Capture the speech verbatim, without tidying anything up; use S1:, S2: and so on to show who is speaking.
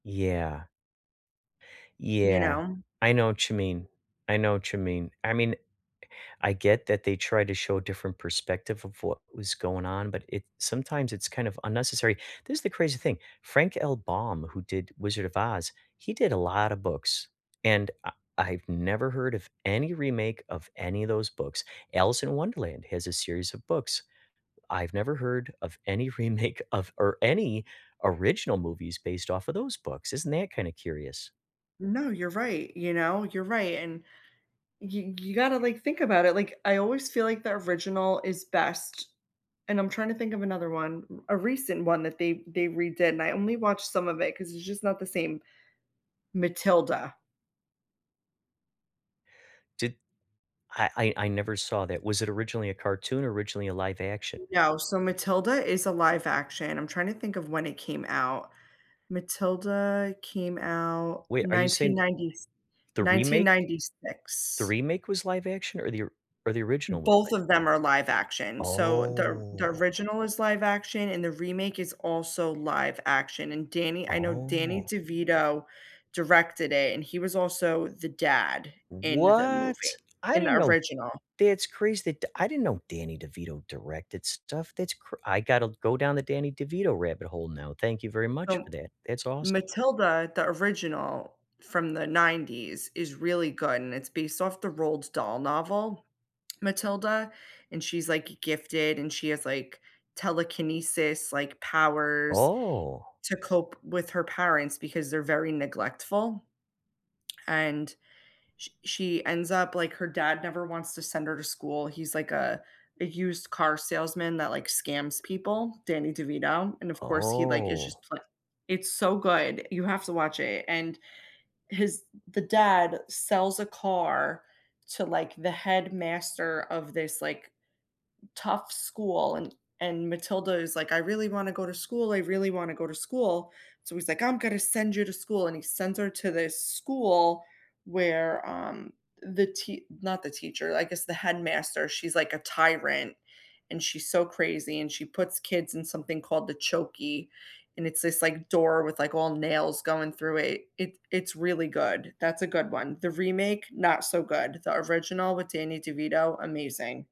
S1: Yeah.
S2: You
S1: Yeah.
S2: know?
S1: I know what you mean. I know what you mean. I mean, I get that they tried to show a different perspective of what was going on, but it sometimes it's kind of unnecessary, this is the crazy thing, Frank L. Baum, who did Wizard of Oz, he did a lotta books, and I I've never heard of any remake of any of those books. Alice in Wonderland has a series of books, I've never heard of any remake of or any original movies based off of those books, isn't that kinda curious?
S2: No, you're right, you know? You're right, and you you gotta, like, think about it, like, I always feel like the original is best, and I'm trying to think of another one, r a recent one that they they redid, and I only watched some of it, 'cause it's just not the same, Matilda.
S1: Did I I I never saw that, was it originally a cartoon or originally a live action?
S2: No, so Matilda is a live action, I'm trying to think of when it came out Matilda came out
S1: Wait, are you
S2: nineteen
S1: saying
S2: ninety s
S1: the
S2: nineteen
S1: remake the
S2: ninety-six.
S1: remake was live action or the or the original was
S2: Both
S1: live?
S2: of them are live action. So, the or the
S1: Oh.
S2: original is live action, and the remake is also live action, and Danny I know Danny
S1: Oh.
S2: DeVito directed it, and he was also the dad in the movie,
S1: What! I
S2: in the
S1: didn't know
S2: original.
S1: that's crazy, d I didn't know Danny DeVito directed stuff, that's cr I gotta go down the Danny DeVito rabbit hole now, thank you very much for
S2: So
S1: that, that's awes
S2: Matilda, the original from the nineties is really good and it's based off the Roald Dahl novel, "Matilda," and she's like g gifted, and she has, like, telekinesis, like, powers
S1: Oh.
S2: to cope with her parents because they're very neglectful. And sh she ends up like, her dad never wants to send her to school, he's like a a used-car salesman that, like, scams people Danny DeVito, and of course he, like, it's
S1: Oh.
S2: just pl It's so good, you have to watch it and his the dad sells a car to, like, the headmaster of this, like, tough school, and and Matilda is like, "I really wanna go to school, I really wanna go to school," so he's like, "I'm gonna send you to school," and he sends her to this school where, um, the tea not the teacher, I guess the headmaster, she's like a tyrant, and she's so crazy, and she puts kids in something called the "Chokey," and it's this, like, door with, like, all nails going through it. It it's really good, that's a good one. The remake, not so good; he original with Danny DeVito, amazing.